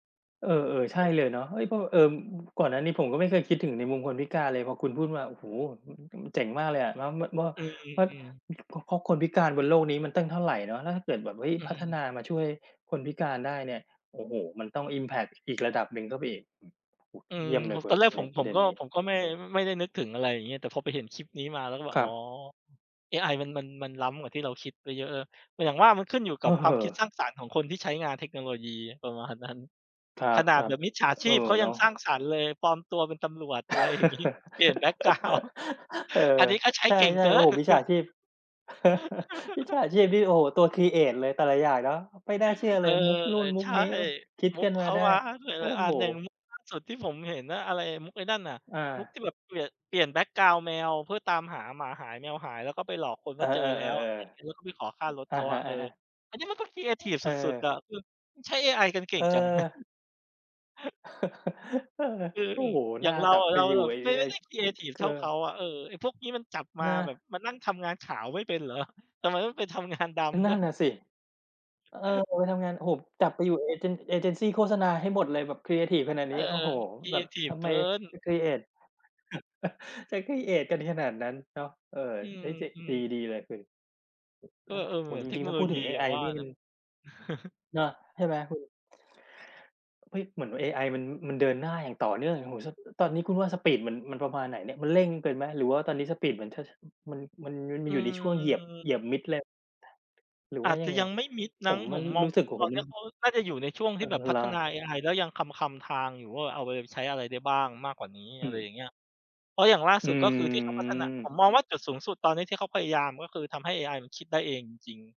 เออ เออ ใชเ่ออ เลยเนาะ เฮ้ย เอ่อ ก่อนหน้านี้ผมก็ไม่เคยคิดถึงในมุมคนพิการเลย พอคุณพูดมา โอ้โฮ ม มันเจ๋งมากเลยอะ แล้ว ม ม อืเพราะม มี เพราะคนพิการบนโลกนี้มันตั้งเท่าไรเนาะ แล้วถ้าเกิดแบบ เฮ้ย อืพัฒนม ามาช่วยคนพิการได้เนี่ย โอ้โฮ มันต้อง อิมแพกต์ อีกระดับหนึ่งเข้าไปอีก เออ เยี่ยมเลผยม คุตณอนแรกเผนีม ่ย ปผระมเด็กน็ นี้ ผมก็ไม่ ไม่ได้นึกถึง อะไรอย่างเงี้ย แต่พอไปเห็นคลิปนี้มาแล้ว ก็แบบ คอร๋ัอ บ เอไอ มัน มัน มันล้ำกว่าที่เราคิดไปเยอะเลย อย่างว่ามันขึ้นอยู่กัเบความคิดสออ ร้างสรรค์ของคนที่ใช้งานเทคโนโลยีประมาณนั้น ครขนาดัแบบ บมิจฉาๆ ชเอีอ พเขาเยนัางะ สร้างสรรค์เลย ปลอมตัวเป็นตำรวจ อะไรอย่างงี้ เปลี่ยนแบ็กกราวนด์ เออ อันนี้ก็ใช้ใชเก่ง่ เกๆ โิอ้โน ฮ มิจฉาชีพ มิจฉาชีพนี่ โอ้โฮ ตัว ครีเอต เลย แต่ละอย่างเนาะ ไม่น่าเชื่อเอเลอ ย มุกนู่น มุใชก่ นี้ โอ๊ย คิดมุขึก้นเมขาาได้ มาหลโอ้าย ๆ อัโฮ น อย่างมุกล่าสุดที่ผมเห็นน่ะ อะไร มุกไอ้นั่นน่ะ อมุกา ที่แบบเปลี่ยน เเปลี่ยนแบ็กกราวนด์แมว เพื่อตามหาหมาหาย แมวหาย แล้วก็ไปหลอกคนเอว่อ าเจอแล้ว อะไรๆ อยๆ ่างเงี้ย แล้วก็ไปขอค่ารถๆ อเะขาฮอะ ะ เออะอ ฮะ อันนี้มันก็ครีเอทิฟเสออ ุด ๆ อะ คือใช้เอไอกันเก่เองอ จัง เออ อืม โอ้โฮ อยน่า่างเราจับอะ ไปเราอยูแ่ บบไอ้ ไม่ ไไมอ่้ ได้ครีเอทิฟเอเทอ ่าเขาอะ เออ ไอ้พวกนี้มันจับมาเนาะ แบบมานั่งทำงานขาวไม่เป็นเหรอ ทำไมต้องไปทำงานดำนดั้่วนย น่ะสิ เออ ไปทำงาน โอ้โฮ จับไปอยู่เอเจน เอเจนซีโฆษณาให้หมดเลย แบบครีเอทิฟขนาดเนอี้ อ โอ้โฮ ครีแบเอบทิทฟำเกไม ิน ครีเอต จะ ครีเอต กันขนาดนั้นเนาะ เออ อืนม ่าจะ อืดี อ ดีเลยสิ กแ็ ล้วแเตออ ่จเทรคิง โนๆ ถ้าโลพูดยถึีงเออย่ไาองว่านี่มเนัาน ะ เนาะ ใช่ไหมคุณ? เฮ้ย เหมือนเอไอ มัน มันเดินหน้าอย่างต่อเนื่อง โอ้ ส ตอนนี้คุณว่าสปีดมัน มันประมาณไหนเนี่ย? มันเร่งไปไหม? หรือว่าตอนนี้สปีดมัน ช มัน มันออยู่ในช่วงเหยียบ ือ เหยียบมิดเลย หรืออวา่าจยจัะงไง ยังไม่มิดผมั้ง มผอะมมอรงู้สึก โอ้ตโอฮ นนมีั้ น เขาน่าจะอยู่ในช่วงทีอ๋่อ แบบพเัหรฒอ? นาเอไอแล้วยังคลำ ๆ ทางอยู่ ว่าเอาไปใช้อะไรได้บ้างมากกว่านี้ ออืะไรม อย่างเงี้ย เพราะอย่างล่าอืสุด ก็คือที่เขาพัฒนา ผม มมองว่าจุดสูงสุดตอนนี้ ที่เขาพยายามก็คือทำให้เอไอมันคิดได้เองจริง ๆ